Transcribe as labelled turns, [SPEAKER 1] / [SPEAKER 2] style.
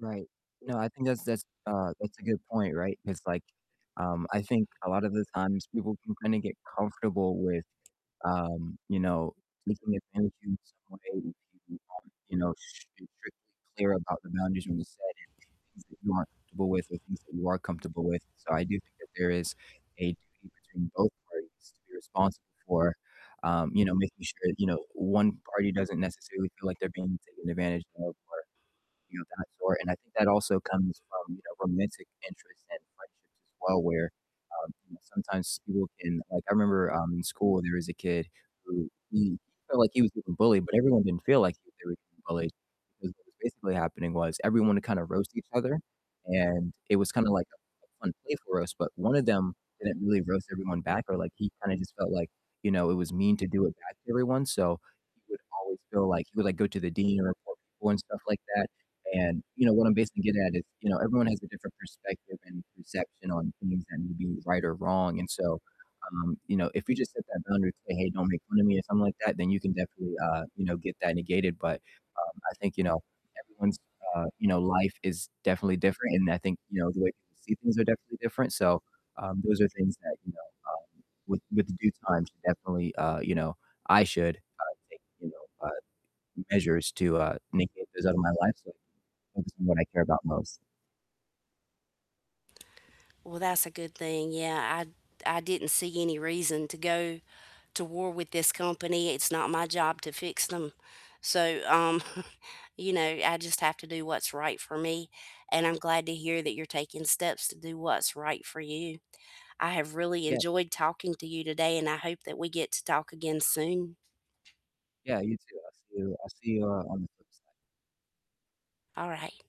[SPEAKER 1] Right, no, I think that's that's, uh, that's a good point, right? It's like, um, I think a lot of the times people can kinda get comfortable with, um, you know, taking advantage in some way if you aren't, you know, sh strictly clear about the boundaries you've set and things that you aren't comfortable with or things that you are comfortable with, so I do think that there is a duty between both parties to be responsible for, um, you know, making sure, you know, 1 party doesn't necessarily feel, like, they're being taken advantage of or, you know, that sort, and I think that also comes from, you know, romantic interests and friendships as well, where, um, you know, sometimes people can like, I remember, um, in school there is a kid who he felt, like, he was getting bullied, but everyone didn't feel, like, they were getting bullied, because what was basically happening was everyone would kinda roast each other? And it was kinda, like, a a fun play for us, but one of them didn't really roast everyone back or, like, he kinda just felt like, you know, it was mean to do it back to everyone, so he would always feel, like, he would, like, go to the dean and report people and stuff like that, and, you know, what I'm basically getting at is, you know, everyone has a different perspective and perception on things that may be right or wrong, and so, um, you know, if you just set that boundary and say, "Hey, don't make fun of me," or something like that, then you can definitely, uh, you know, get that negated, but, um, I think, you know, everyone's, uh, you know, life is definitely different, and I think, you know, the way people see things are definitely different, so, um, those are things that, you know, um, with with the due time should definitely, uh, you know, I should, uh, take, you know, uh, measures to, uh, negate those out of my life so I can focus on what I care about most.
[SPEAKER 2] Well, that's a good thing, yeah, I'd I didn't see any reason to go to war with this company; it's not my job to fix them, so, um, you know, I just have to do what's right for me, and I'm glad to hear that you're taking steps to do what's right for you. I have really
[SPEAKER 1] Yep.
[SPEAKER 2] enjoyed talking to you today, and I hope that we get to talk again soon.
[SPEAKER 1] Yeah, you too, I'll see you I'll see you, uh, on the flip side.
[SPEAKER 2] Alright.